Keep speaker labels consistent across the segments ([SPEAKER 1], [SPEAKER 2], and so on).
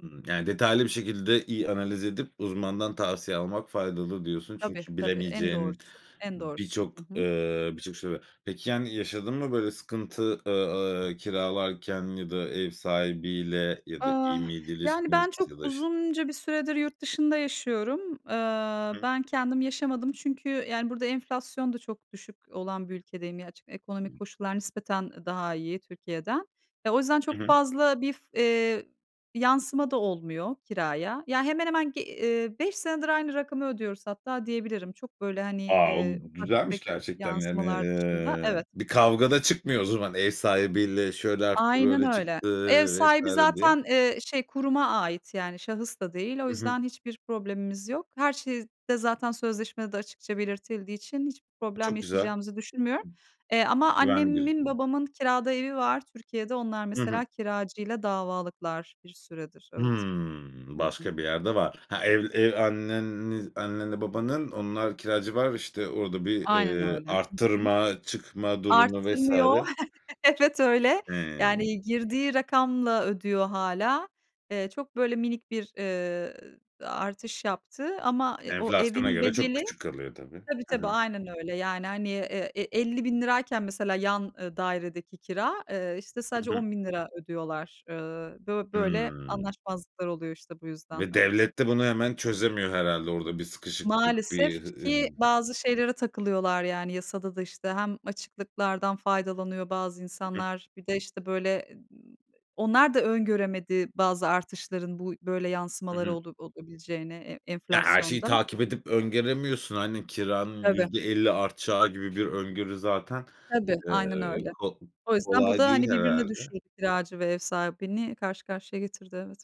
[SPEAKER 1] Hımm, yani, detaylı bir şekilde iyi analiz edip uzmandan tavsiye almak faydalı diyorsun.
[SPEAKER 2] Tabii,
[SPEAKER 1] Çünkü
[SPEAKER 2] tabii, en
[SPEAKER 1] bilemeyeceğin
[SPEAKER 2] doğrusu, en doğrusu.
[SPEAKER 1] birçok
[SPEAKER 2] Hı hı.
[SPEAKER 1] eee, birçok şey var. Peki, yani yaşadın mı böyle sıkıntı, eee, ııı, kiralarken ya da ev sahibiyle ya da
[SPEAKER 2] Ah.
[SPEAKER 1] iyi miydi
[SPEAKER 2] Yani,
[SPEAKER 1] ilişkiniz?
[SPEAKER 2] ben çok
[SPEAKER 1] Ya da iş
[SPEAKER 2] uzunca bir süredir yurt dışında yaşıyorum. Eee,
[SPEAKER 1] Hı.
[SPEAKER 2] ben kendim yaşamadım çünkü yani burada enflasyon da çok düşük olan bir ülkedeyim. Gerçi ekonomik koşullar nispeten daha iyi Türkiye'den. E, o yüzden
[SPEAKER 1] Hı
[SPEAKER 2] çok
[SPEAKER 1] hı.
[SPEAKER 2] fazla bir f eee, yansıma da olmuyor kiraya. Ya, hemen hemen g eee, 5 senedir aynı rakamı ödüyoruz hatta diyebilirim. Çok böyle, hani,
[SPEAKER 1] A!
[SPEAKER 2] eee,
[SPEAKER 1] Bu
[SPEAKER 2] ufak
[SPEAKER 1] güzelmiş
[SPEAKER 2] tefek
[SPEAKER 1] gerçekten yani,
[SPEAKER 2] yansımalar dışında.
[SPEAKER 1] eee,
[SPEAKER 2] Evet.
[SPEAKER 1] bir kavga da çıkmıyor o zaman ev sahibiyle şöyle arttı,
[SPEAKER 2] Aynen
[SPEAKER 1] böyle
[SPEAKER 2] öyle.
[SPEAKER 1] çıktı
[SPEAKER 2] Ev
[SPEAKER 1] vs.
[SPEAKER 2] sahibi
[SPEAKER 1] diye.
[SPEAKER 2] zaten, eee, şey, kuruma ait yani şahıs da değil. O
[SPEAKER 1] Hı hı.
[SPEAKER 2] yüzden hiçbir problemimiz yok. Her şey de zaten sözleşmede de açıkça belirtildiği için hiçbir problem
[SPEAKER 1] Çok güzel.
[SPEAKER 2] yaşayacağımızı düşünmüyorum. Eee, ama
[SPEAKER 1] Güvenli
[SPEAKER 2] annemin,
[SPEAKER 1] gözüküyor.
[SPEAKER 2] babamın kirada evi var Türkiye'de. Onlar
[SPEAKER 1] Hı hı.
[SPEAKER 2] mesela kiracıyla davalıklar bir süredir, evet.
[SPEAKER 1] Hıı,
[SPEAKER 2] Hı hı.
[SPEAKER 1] başka bir yerde var. Ha, ev ev anneni annenle babanın, onlar kiracı var, işte, orada bir,
[SPEAKER 2] Aynen
[SPEAKER 1] eee,
[SPEAKER 2] öyle. Hı hı.
[SPEAKER 1] arttırma, çıkma durumu vs.
[SPEAKER 2] Arttırmıyor. Evet, öyle.
[SPEAKER 1] He.
[SPEAKER 2] Yani girdiği rakamla ödüyor hâlâ. Eee, çok böyle minik bir, eee, ııı, artış yaptı ama, eee, o
[SPEAKER 1] Enflasyona
[SPEAKER 2] evin
[SPEAKER 1] göre çok
[SPEAKER 2] bedeli
[SPEAKER 1] küçük kalıyor, tabii.
[SPEAKER 2] Tabii,
[SPEAKER 1] Hı
[SPEAKER 2] tabii,
[SPEAKER 1] hı.
[SPEAKER 2] aynen öyle. Yani, hani, eee, e elli bin lirayken mesela yan, ııı, dairedeki kira, eee, işte,
[SPEAKER 1] Hı
[SPEAKER 2] sadece
[SPEAKER 1] hı.
[SPEAKER 2] ₺10.000 ödüyorlar. Iıı, bö böyle
[SPEAKER 1] Hıı.
[SPEAKER 2] anlaşmazlıklar oluyor işte bu yüzden,
[SPEAKER 1] Ve
[SPEAKER 2] evet.
[SPEAKER 1] devlet de bunu hemen çözemiyor herhâlde. Orada bir sıkışıklık,
[SPEAKER 2] Maalesef
[SPEAKER 1] bir, hı
[SPEAKER 2] ki
[SPEAKER 1] ımm
[SPEAKER 2] bazı şeylere takılıyorlar yani yasada da, işte, hem açıklıklardan faydalanıyor bazı
[SPEAKER 1] Hı hı.
[SPEAKER 2] insanlar. Bir de, işte, böyle, eee, ııı, onlar da öngöremedi bazı artışların bu böyle
[SPEAKER 1] Hı
[SPEAKER 2] yansımaları
[SPEAKER 1] hı.
[SPEAKER 2] ola olabileceğini e
[SPEAKER 1] Ya, her şeyi
[SPEAKER 2] enflasyondan.
[SPEAKER 1] takip edip öngöremiyorsun, hani, kiranın
[SPEAKER 2] Tabii.
[SPEAKER 1] %50 artacağı gibi bir öngörü zaten,
[SPEAKER 2] Tabii, aynen
[SPEAKER 1] eee,
[SPEAKER 2] öyle.
[SPEAKER 1] ko
[SPEAKER 2] O yüzden bu
[SPEAKER 1] kolay
[SPEAKER 2] da, hani,
[SPEAKER 1] değil
[SPEAKER 2] birbirine
[SPEAKER 1] herhâlde.
[SPEAKER 2] düşürdü, kiracı ve ev sahibini karşı karşıya getirdi, evet.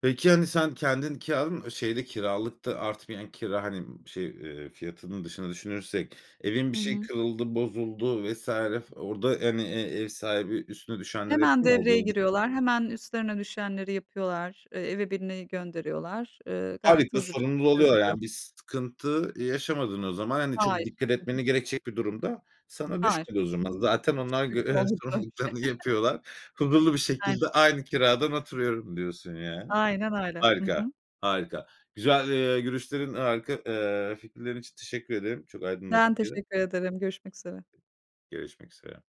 [SPEAKER 1] Peki, hani, sen kendin kiraladın mı? E şeyde kiralıkta artmayan kira, hani, şey, eee, fiyatının dışında düşünürsek evin bir
[SPEAKER 2] Hı
[SPEAKER 1] şeyi
[SPEAKER 2] hı.
[SPEAKER 1] kırıldı, bozuldu vs. f orada, hani, e ev sahibi üstüne düşenleri
[SPEAKER 2] Hemen
[SPEAKER 1] yapıyor
[SPEAKER 2] devreye
[SPEAKER 1] mu? [unintelligible]
[SPEAKER 2] giriyorlar. Hemen üstlerine düşenleri yapıyorlar, eee, eve birini gönderiyorlar. Eee, gayet
[SPEAKER 1] Harika!
[SPEAKER 2] hızlı bir şekilde
[SPEAKER 1] Sorumluluğu alıyor
[SPEAKER 2] çözülüyor.
[SPEAKER 1] yani bir sıkıntı yaşamadın o zaman. Hani, çok
[SPEAKER 2] Hayır.
[SPEAKER 1] dikkat
[SPEAKER 2] Hı hı.
[SPEAKER 1] etmeni gerekecek bir durum da sana
[SPEAKER 2] Hayır.
[SPEAKER 1] düşmedi o
[SPEAKER 2] Hı
[SPEAKER 1] zaman.
[SPEAKER 2] hı,
[SPEAKER 1] Zaten
[SPEAKER 2] çok
[SPEAKER 1] onlar
[SPEAKER 2] şükür ki
[SPEAKER 1] görev ve
[SPEAKER 2] olmadı daha bir şey.
[SPEAKER 1] sorumluluklarını yapıyorlar. Huzurlu bir şekilde
[SPEAKER 2] Aynen.
[SPEAKER 1] aynı kiradan oturuyorum diyorsun yani.
[SPEAKER 2] Aynen öyle. Hı
[SPEAKER 1] Harika.
[SPEAKER 2] hı.
[SPEAKER 1] Harika. Güzel, eee, görüşlerin, harika, eee, fikirlerin için teşekkür ederim. Çok
[SPEAKER 2] Ben
[SPEAKER 1] aydınlatıcıydı.
[SPEAKER 2] teşekkür ederim, görüşmek üzere.
[SPEAKER 1] Görüşmek üzere.